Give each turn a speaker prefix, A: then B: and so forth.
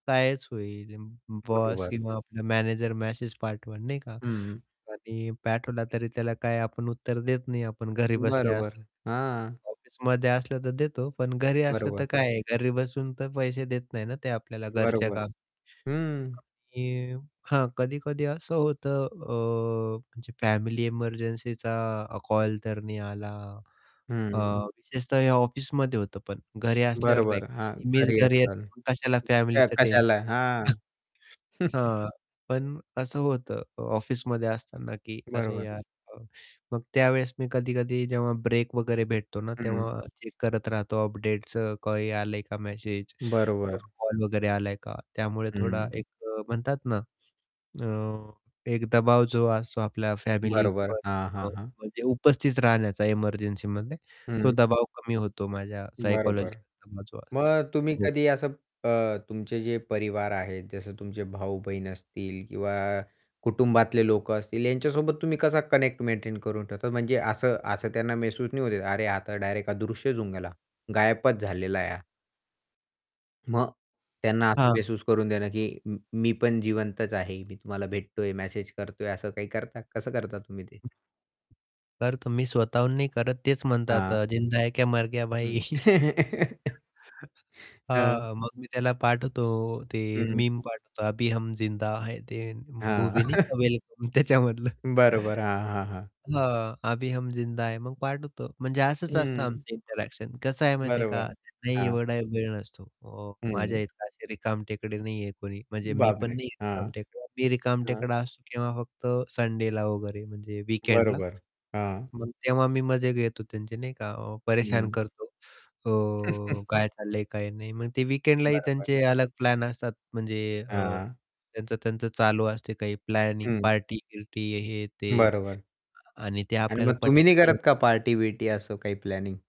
A: कायच होईल, बॉस
B: बरोबर.
A: किंवा आपला मॅनेजर मॅसेज पाठवल नाही का
B: हं.
A: आणि पाठवला तरी त्याला काय आपण उत्तर देत नाही आपण घरी बसल्या
B: बरोबर.
A: असल्या.
B: हां.
A: ऑफिसमध्ये असलं तर देतो पण घरी असलं
B: बरोबर.
A: तर काय आहे घरी बसून तर पैसे देत नाही ना ते आपल्याला घरच्या
B: बरोबर.
A: काम.
B: हं.
A: आणि हां कधी-कधी असं होतं अ, म्हणजे फॅमिली एमर्जन्सीचा कॉल तर नाही आला अ,
B: हं.
A: विशेषतः हे ऑफिसमध्ये होतं पण घरी असल्यावर नाही.
B: बरोबर.
A: कारण
B: हां,
A: की मीच
B: घरी
A: घरी
B: असणार
A: येतो कशाला
B: आहे [unintelligible]
A: फॅमिलीचं टेन्शन.
B: कशाला, हां.
A: हां, पण असं होतं ऑफिसमध्ये असताना की "अरे
B: बरोबर.
A: यार!" मग त्यावेळेस मी कधी-कधी जेव्हा ब्रेक वगैरे भेटतो ना,
B: हं.
A: तेव्हा चेक करत राहतो अपडेट्स काही आले का मेसेज किंवा
B: बरोबर.
A: कॉल वगैरे आलाय का? त्यामुळे थोडा
B: हं.
A: एक अ, म्हणतात ना अ, एक दबाव जो असतो आपल्या फॅमिली
B: बरोबर.
A: पण
B: हां, हां,
A: अ
B: हां.
A: म्हणजे उपस्थित राहण्याचा एमर्जन्सीमध्ये तो
B: हं.
A: दबाव कमी होतो माझ्या
B: बरोबर.
A: सायकॉलॉजिकल [unintelligible]
B: मग तुम्ही
A: हो.
B: कधी असं अ, तुमचे जे परिवार आहेत जसं तुमचे भाऊ-बहीण असतील किंवा कुटुंबातले लोकं असतील यांच्यासोबत तुम्ही कसा कनेक्ट मेंटेन करून ठेवतात म्हणजे असं असं त्यांना महसूस नाही होत. "अरे आता डायरेक्ट हा अदृश्यचं होऊन गेला. गायबचं झालेला आहे हा." मग त्यांना असं
A: हां.
B: महसूस करून देणं की "मी मी पण जिवंतच आहे. मी तुम्हाला भेटतोय, मेसेज करतोय" असं काही करता? कसं करता तुम्ही ते?
A: तर तुम्ही स्वतःहून नाही करत तेच म्हणतात
B: हां.
A: अ, जिंदा है क्या मर गया भाई?
B: हं. हां.
A: हां, मग मी त्याला पाठवतो ते
B: हं.
A: मीम पाठवतो अभी हम जिंदा है ते
B: हां.
A: मूवी नाही का "वेलकम" त्याच्यामधलं.
B: बरोबर. हां, हां, हां.
A: हां. अभी हम जिंदा है. मग पाठ होतं म्हणजे असंच असतं
B: हं.
A: आमचं इंटरॅक्शन कसं आहे माहिती आहे का
B: बरोबर,
A: नाही
B: हां.
A: एवढा वेळ नसतो. अ,
B: हं.
A: माझ्याइतकं असे रिकाम टेकडे नाही आहे कोणी म्हणजे मी पण
B: बापरे!
A: नाही आहे
B: हां.
A: रिकामटेकडे. मी
B: हां.
A: रिकामटेकडा असतो किंवा फक्त संडेला वगैरे म्हणजे
B: हं.
A: वीकेंडला
B: बरोबर. हां.
A: मग तेव्हा मी मजे घेतो त्यांचे नाही का परेशान
B: हं.
A: करतो. अ, काय चाललंय, काय नाही मग ते वीकेंडलाही
B: बरोबर.
A: त्यांचे अलग प्लॅन असतात म्हणजे अ,
B: हां.
A: त्यांचं-त्यांचं चालू असते काही प्लॅनिंग
B: हं.
A: पार्टी-बिर्टी हे ते
B: बरोबर.
A: आणि ते
B: आणि
A: आपल्याला
B: मग तुम्ही
A: पटत
B: नाही करत
A: नाही.
B: का पार्टी-बीर्टी असं काही प्लॅनिंग?